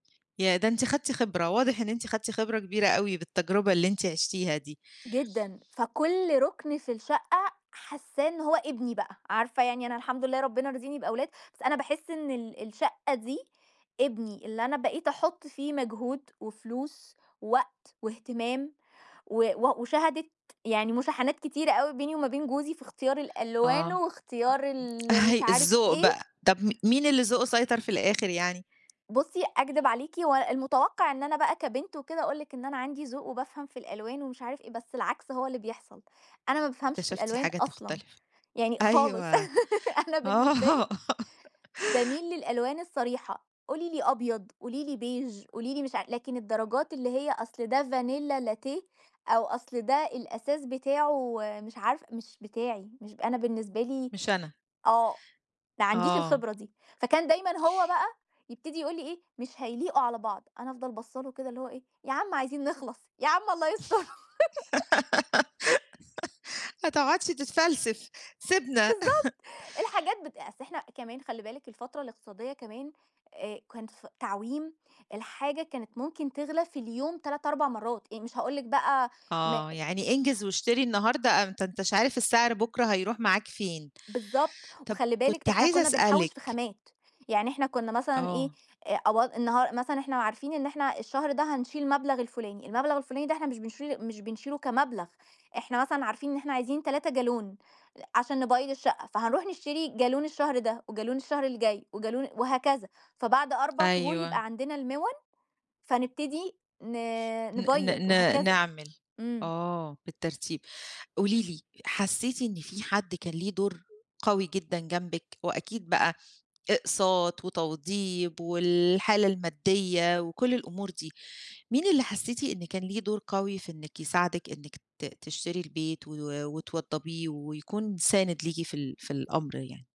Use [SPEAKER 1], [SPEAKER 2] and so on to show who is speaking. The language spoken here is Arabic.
[SPEAKER 1] ياه! ده أنتِ خدتِ خبرة، واضح إن أنتِ خدتِ خبرة كبيرة أوي بالتجربة اللي أنتِ عِشتيها دي.
[SPEAKER 2] جدًا، فكلّ رُكن في الشقة حاسّاه إن هو ابني بقى، عارفة يعني أنا الحمد لله ربنا رازقني بأولاد، بس أنا باحس إن ال الشقة دي ابني، اللي أنا بقيت أحُط فيه مجهود وفلوس ووقت وإهتمام و و وشهَدِت يعني مشاحنات كتيرة أوي بيني وما بين جوزي في إختيار الألوان
[SPEAKER 1] آه.
[SPEAKER 2] واختيار
[SPEAKER 1] أ
[SPEAKER 2] ال مش عارف
[SPEAKER 1] الذوق
[SPEAKER 2] إيه.
[SPEAKER 1] بقى. طَب م مين اللي ذوقه سيطر في الآخِر يعني؟
[SPEAKER 2] بُصّي، أكدِب عليكِ و المتوقَّع إن أنا بقى كبنت وكده، أقول لِك إن أنا عَندي ذوق وبافهَم في الألوان ومش عارف إيه، بس العكْس هو اللي بيحصَل، أنا ما بافهمش في
[SPEAKER 1] اكتشفتِ
[SPEAKER 2] الألوان
[SPEAKER 1] حاجات
[SPEAKER 2] أصلًا،
[SPEAKER 1] مختلِفة،
[SPEAKER 2] يعني
[SPEAKER 1] أيوه،
[SPEAKER 2] خالص، أنا بالنسبة لي
[SPEAKER 1] آه.
[SPEAKER 2] بامِيل للألوان الصريحة، قولي لي أبيض، قولي لي beige قولي لي مش ع لكن الدرجات اللي هي أصْل ده vanilla latte أو أصْل ده الأساس بتاعه مش عارفة مش بتاعي، مش أنا بالنسبة لي
[SPEAKER 1] مش أنا.
[SPEAKER 2] آه، ما عنديش
[SPEAKER 1] آه
[SPEAKER 2] الخبرة دي، فكان دايمًا هو بقى يبتدي يقول لي إيه: "مش هيليقوا على بعض." أنا أفضَل باصّة له كده اللي هو إيه "يا عم عايزين نخلَص يا عم الله يستُرك."
[SPEAKER 1] ما تقعُدش تتفلسف، سيبنا
[SPEAKER 2] بالضبط، الحاجات بت أصل إحنا كمان خلّي بالِك الفترة الإقتصادية كمان، آآ كان ف تعويم، الحاجة كانت ممكن تغلى في اليوم 3، 4 مرّات، إيه مش هاقول لك بقى م
[SPEAKER 1] آه، يعني انجز واشتري النهارده، أنت أنت مش عارف السِّعر بكرة هيرُوح معاك فين؟
[SPEAKER 2] بالضبط،
[SPEAKER 1] طَب
[SPEAKER 2] وخلّي
[SPEAKER 1] كنت
[SPEAKER 2] بالِك إحنا
[SPEAKER 1] عايزة
[SPEAKER 2] كنّا بنحوّش في
[SPEAKER 1] أسألِك
[SPEAKER 2] خامات، يعني إحنا كنا مثلًا إيه،
[SPEAKER 1] آه.
[SPEAKER 2] أ أو النها مثلًا إحنا عارفين إن إحنا الشهر ده هنشيل المبلَغ الفلاني، المبلَغ الفلاني ده إحنا مش بنشيل مش بنشيله كمبلَغ، إحنا مثلًا عارفين إن إحنا عايزين 3 جالون أ عشان نبيّض الشقة، فهنرُوح نشتري جالون الشهر ده وجالون الشهر الجاي وجالون وهكذا، فبَعد 4 شهور
[SPEAKER 1] أيوه.
[SPEAKER 2] يبقى عندنا المِوَن، فنبتدي ن
[SPEAKER 1] ن
[SPEAKER 2] نبيّض
[SPEAKER 1] ن ن
[SPEAKER 2] وهكذا.
[SPEAKER 1] نعمل
[SPEAKER 2] إمم.
[SPEAKER 1] آه، بالترتيب. قولي لي، حسّيتِ إن في حد كان له دور قوي جدًا جنبِك وأكيد بقى إقساط وتوضيب والحالة الماديّة وكلّ الأمور دي، مين اللي حسّيتِ إن كان ليه دور قوي في إنِك يساعدِك، إنِك ت تشتري البيت و وتوضّبيه ويكون سانِد ليكِ في ال في الأمر يعني؟